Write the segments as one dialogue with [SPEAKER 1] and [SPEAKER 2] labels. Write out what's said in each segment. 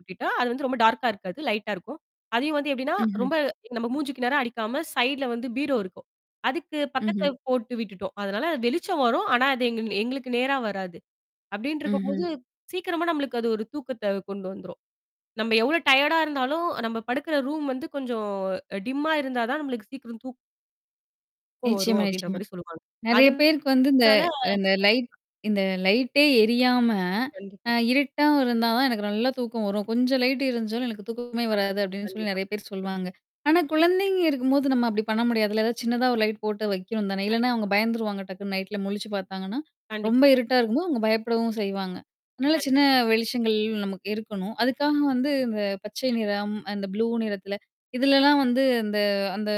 [SPEAKER 1] விட்டுட்டா அது ரொம்ப டார்க்கா இருக்காது. லைட்டா இருக்கும். அதையும் வந்து எப்படின்னா?
[SPEAKER 2] ம்ஹ்ம்.
[SPEAKER 1] ரொம்ப நம்ம மூஞ்சிக்கு நேரா அடிக்காம, சைடுல வந்து பீரோ இருக்கும். அதுக்கு பக்கத்துல
[SPEAKER 2] ம்ஹ்ம்.
[SPEAKER 1] போட்டு விட்டுட்டோம். அதனால, அ வெளிச்சம் வரும்! ஆனா, அது எங்குன் எங்குளுக்கு நேரா வராது.
[SPEAKER 2] ம்ஹ்ம்.
[SPEAKER 1] அப்படின்ருக்கும்போது, சீக்கிரமா நம்மளுக்கு அது ஒரு தூக்கத்தை கொண்டு வந்துரும். நம்ப எவ்வளோ டயர்டா இருந்தாலும் நம்ப படுக்குற ரூம் கொஞ்சம் டிம்மா இருந்தா தான் நம்மளுக்கு சீக்கிரம் தூக் கம் வரும்
[SPEAKER 2] நிச்சயமா
[SPEAKER 1] அப்படின்ற
[SPEAKER 2] நிச்சயமா.
[SPEAKER 1] மாரி சொல்லுவாங்க.
[SPEAKER 2] நெறைய பேருக்கு வந்து இந்த
[SPEAKER 1] அதனால
[SPEAKER 2] அ இந்த லைட் இந்தலைட்டே எரியாம, அ
[SPEAKER 1] கண்டிப்பா.
[SPEAKER 2] இருட்டா இருந்தா தான் எனக்கு நல்லா தூக்கம் வரும். கொஞ்சம் லைட் இருந்ச்சுனாலும் எனக்குத் தூக்கமே
[SPEAKER 1] [unintelligible]
[SPEAKER 2] வராது அப்டின்னு சொல்லி
[SPEAKER 1] கண்டிப்பா.
[SPEAKER 2] நெறைய பேர் சொல்வாங்க. ஆனா குழந்தைங்க இருக்கும்போது நம்ம அப்படி பண்ண முடியாதுல! ஏதாவது சின்னதா ஒரு லைட் போட்டு வைக்கணும் தானே! இல்லனா அவங்க
[SPEAKER 1] கண்டிப்பா.
[SPEAKER 2] பயந்துருவாங்க. டக்குன்னு நைட்ல முழிச்சு பாத்தாங்கன்னா, ரொம்ப
[SPEAKER 1] கண்டிப்பா கண்
[SPEAKER 2] இருட்டா இருக்கும்போது அவுங்க பயப்படவும் செய்வாங்க. அதனால
[SPEAKER 1] கண்
[SPEAKER 2] சின்ன வெளிச்சங்கள், நமக்கு இருக்கணும். அதுக்காக வந்து அந்தப் பச்சை நிறம், அந்த ப்ளூ நிறத்தில இதுலல்லாம் வந்து அந்த அந்த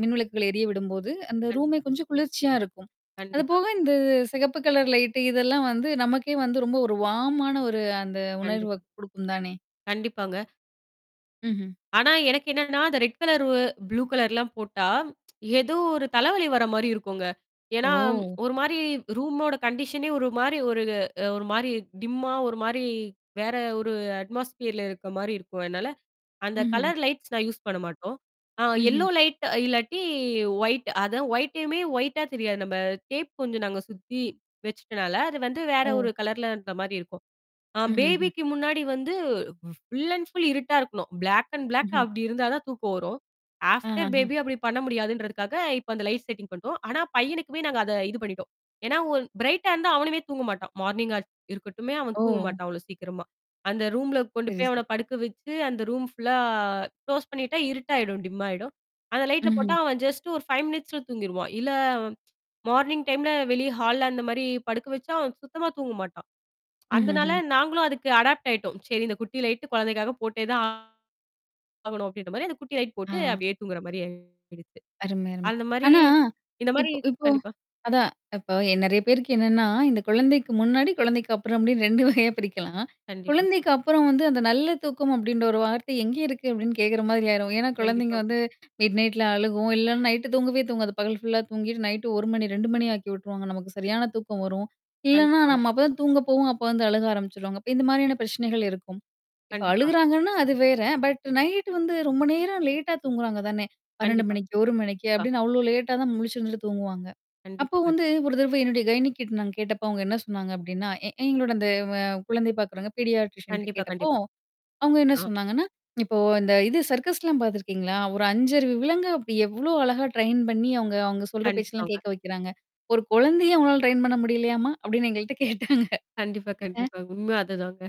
[SPEAKER 2] மின்விளக்குகள் எரியவிடும்போது, அந்த ரூமே
[SPEAKER 1] கண்டிப்பா.
[SPEAKER 2] கொஞ்சம் குளிர்ச்சியா இருக்கும். அது
[SPEAKER 1] கண்டிப்பா
[SPEAKER 2] போக
[SPEAKER 1] கண்
[SPEAKER 2] இந்தச் சிகப்பு கலர் லைட்டு, இதெல்லாம் வந்து, நமக்கே வந்து, ரொம்ப ஒரு வார்மான ஆன ஒரு அந்த உணர்வ
[SPEAKER 1] கண்டிப்பா.
[SPEAKER 2] குடுக்குந்தானே?
[SPEAKER 1] கண்டிப்பாங்க.
[SPEAKER 2] ம்ஹ்ம்.
[SPEAKER 1] ஆனா எனக்கு என்னான்னா, அந்த ரெட் கலரு, ப்ளூகலர்லாம் போட்டா ஏதோ ஒரு தலைவலி வர மாரி இருக்குங்க. ஏன்னா,
[SPEAKER 2] ஓ.
[SPEAKER 1] ஒரு மாரி ரூமோட கண்டிஷனே ஒரு மாரி ஒரு ஒரு மாரி டிம்மா ஒரு மாரி, வேற ஒரு அட்மாஸ்பியர்ல இருக்க மாரி இருக்கும். அதனால, அந்த
[SPEAKER 2] ம்ஹ்ம்.
[SPEAKER 1] கலர் லைட்ஸ் நான் யூஸ் பண்ண மாட்டோம். அ
[SPEAKER 2] ம்ஹ்ம்.
[SPEAKER 1] எல்லோ லைட்டு இல்லாட்டி வொயிட் அது வொயிட்டையுமே, வொயிட்டா தெரியாது நம்ப டேப் கொஞ்சம் நாங்க சுத்தி வெச்சுட்டனால, அது வந்து வேற ஒரு
[SPEAKER 2] ஓ.
[SPEAKER 1] கலர்ல இந்த மாரி இருக்கும். அ
[SPEAKER 2] ம்ஹ்ம். ஹ்ம்.
[SPEAKER 1] பேபிக்கு முன்னாடி வந்து ஃபுல் அண்ட் ஃபுல் இருட்டா இருக்கணும். ப்ளாக் அண்ட் ப்ளாக்
[SPEAKER 2] ம்ஹ்ம்.
[SPEAKER 1] அப்படி இருந்தாதான் தூக்கம் வரும்.
[SPEAKER 2] அ அ
[SPEAKER 1] ஆஃப்டர்
[SPEAKER 2] ஹ.
[SPEAKER 1] பேபி அப்படி பண்ண முடியாதுன்றதுக்காக, இப்போ அந்த லைட் செட்டிங் பண்ட்டோம். ஆனா பையனுக்குமே நாங்க அத இது பண்ணிட்டோம். ஏன்னா ஒரு பிரைட்டா இருந்தா அவனுமே தூங்க மாட்டான். மார்னிங்கா இருக்கட்டுமே. அவன்
[SPEAKER 2] ஓ.
[SPEAKER 1] தூங்க மாட்டான். அவ்வளோ சீக்கிரமா. அந்த ரூம்ல கொண்டு
[SPEAKER 2] சரி
[SPEAKER 1] போய்
[SPEAKER 2] சரி.
[SPEAKER 1] அவன
[SPEAKER 2] [unintelligible]
[SPEAKER 1] படுக்க வச்சு, அந்த ரூம் ஃ புல்லா க்ளோஸ் பண்ணிட்டா இருட்டா ஆயிடும். டிம் ஆயிடும். அந்த லைட்ட
[SPEAKER 2] ம்ஹ்ம்.
[SPEAKER 1] போட்டா அவன் ஜஸ்ட் ஒரு 5 மினிட்ஸ்ல தூங்கிருவான். இல்ல அவன் மார்னிங் டைம்ல வெளிய ஹால்ல அந்த மாரி படுக்க வச்சா, அவன் சுத்தமா தூங்க மாட்டான்.
[SPEAKER 2] ம் ஹ்ம்
[SPEAKER 1] அந்தனால
[SPEAKER 2] ஹ்ம்.
[SPEAKER 1] நாங்களும் அதுக்கு அடாப்ட் ஆயிட்டோம். சரி இந்தக் குட்டிலைட்டு குழந்தைக்காகப் போட்டேதான் ஆகணும் அப்படின்ற மாரி அந்தத் குட்டி லைட் போட்டு
[SPEAKER 2] ஆ.
[SPEAKER 1] அப்டியே தூங்கற மாரி ஆயிடுத்து.
[SPEAKER 2] அருமை அருமை.
[SPEAKER 1] அந்த மாரி
[SPEAKER 2] ஆனா,
[SPEAKER 1] இந்த மாரி
[SPEAKER 2] இப்போ இப்போ
[SPEAKER 1] கண்டிப்பா.
[SPEAKER 2] அதான் இப்போ என் நெறையா பேருக்கு என்னான்னா, இந்தக் குழந்தைக்கு முன்னாடி, குழந்தைக்கு அப்புறம் அப்டின்னு 2 வகையா பிரிக்கலாம்.
[SPEAKER 1] கண்டிப்பா.
[SPEAKER 2] குழந்தைக்கு அப்புறம் வந்து, "அந்த நல்ல தூக்கம் அப்டின்ற ஒரு வார்த்தை எங்க இருக்கு?" அப்படின்னு கேக்குற மாதிரி ஆயிரும். ஏன்னா, குழந்தைங்க
[SPEAKER 1] கண்டிப்பாங்க.
[SPEAKER 2] வந்து மிட் நைட்ல அழுகும். இல்லன்னா நைட்டு தூங்கவே தூங்காது. பகல் ஃபுல்லா தூங்கிட்டு நைட்டு 1:00 மணி 2:00 மணி ஆக்கி விட்டுருவாங்க. நமக்குச் சரியான தூக்கம் வரும். இல்லன்னா,
[SPEAKER 1] கண்டிப்பாங்க.
[SPEAKER 2] நம்ம அப்ப தான் தூங்கப் போவோம். அப்போ வந்து அழுக ஆரம்பிச்சிருவாங்க. அப்ப இந்த மாதிரியான பிரச்சனைகள் இருக்கும். இப்ப
[SPEAKER 1] கண்டிப்பா.
[SPEAKER 2] அழுகுறாங்கன்னா, அது வேற. பட் நைட்டு வந்து ரொம்ப நேரம் லேட்டா தூங்குறாங்க தானே! 12:00
[SPEAKER 1] கண்டிப்பா
[SPEAKER 2] மணிக்கு, 1:00 மணிக்கு,
[SPEAKER 1] பா
[SPEAKER 2] அப்டின்னு அவ்ளோ லேட்டா தான் முழிச்சிருந்துட்டு தூங்குவாங்க. அப்போ
[SPEAKER 1] கண்டிப்பா கண்டி
[SPEAKER 2] வந்து ஒரு தரவ என்னுடைய கயனிக்கிட்ட நான் கேட்டப்ப, அவுங்க என்ன சொன்னாங்க அப்டின்னா, எ எங்களோட அந்த வ குழந்தைப் பாக்குறவங்க பீடியாட்ரிசன்ட்ட
[SPEAKER 1] கண்டிப்பா
[SPEAKER 2] கேட்டப்போ,
[SPEAKER 1] கண்டிப்
[SPEAKER 2] அவுங்க என்னா
[SPEAKER 1] ஆ.
[SPEAKER 2] சொன்னாங்கன்னா, இப்போ இந்த இது சர்க்கஸ்லாம் பாத்துருக்கீங்களா? ஒரு 5அறிவு விலங்க அப்டி எவ்ளோ அழகா ட்ரெயின் பண்ணி அவுங்க அவங்க சொல்ற பேச்செல்லாம்
[SPEAKER 1] கண்டிப்பாங்க.
[SPEAKER 2] கேக்க வைக்குறாங்க! ஒரு கொழந்தைய உங்களால ட்ரெயின் பண்ண முடியலையாமா? அப்படின்னு எங்கள்ட கேட்டாங்க.
[SPEAKER 1] கண்டிப்பா
[SPEAKER 2] ஆ
[SPEAKER 1] கண்டிப்பா. உண்மை அதுதாங்க.